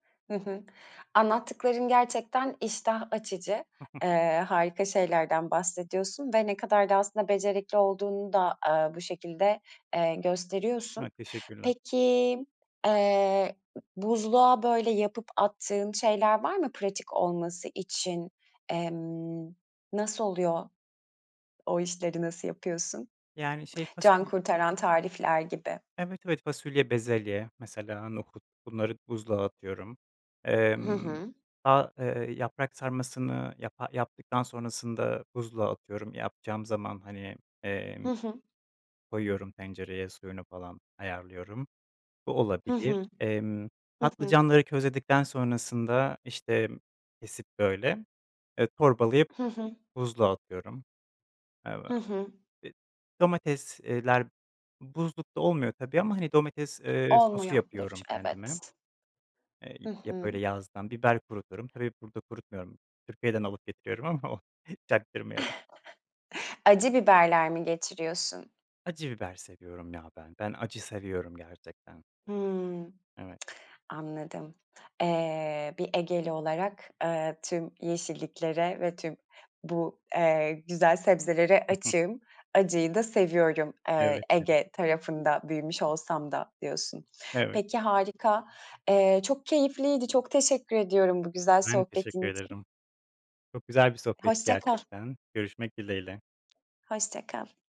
Hı hı, anlattıkların gerçekten iştah açıcı. Eee, harika şeylerden bahsediyorsun ve ne kadar da aslında becerikli olduğunu da, aaa, bu şekilde, eee, gösteriyorsun. Ha, teşekkürler. Peki, eee, buzluğa böyle yapıp attığın şeyler var mı, pratik olması için? Emm, nasıl oluyor? O işleri nasıl yapıyorsun? Yani şey fasul Cankurtaran tarifler gibi. Evet, evet. Fasulye, bezelye, mesela nohut bunları buzluğa atıyorum. Hı Emm, hı. fa eee yaprak sarmasını yapa yaptıktan sonrasında buzluğa atıyorum yapacağım zaman hani, emm, Hı hı. koyuyorum tencereye, suyunu falan ayarlıyorum, bu Hı olabilir. hı. Emm, Hı hı. patlıcanları közledikten sonrasında işte kesip böyle, eee, torbalayıp Hı hı. buzluğa atıyorum. Eve Hı hı. İd Domates, eee, ler buzlukta olmuyor tabii ama hani domates, eee, sosu Olmuyordur, yapıyorum kendime. evet. Eee, Hı ya böyle hı. yazdan biber kuruturum. Tabii burada kurutmuyorum. Türkiye'den alıp getiriyorum ama o çaktırmayalım. Acı biberler mi getiriyorsun? Acı biber seviyorum ya ben, ben acı seviyorum gerçekten. Hıı, Evet. anladım. Eee, bir Egeli olarak, eee, tüm yeşilliklere ve tüm bu, eee, güzel sebzelere Hı hı. açığım. Acıyı da seviyorum, eee, Evet. Gibi. Ege tarafında büyümüş olsam da diyorsun. Evet. Peki, harika. Eee, çok keyifliydi, çok teşekkür ediyorum bu güzel Ben teşekkür sohbetin için. ederim. Çok güzel bir sohbetti Hoşça kal. gerçekten. Görüşmek dileğiyle. Hoşça kal.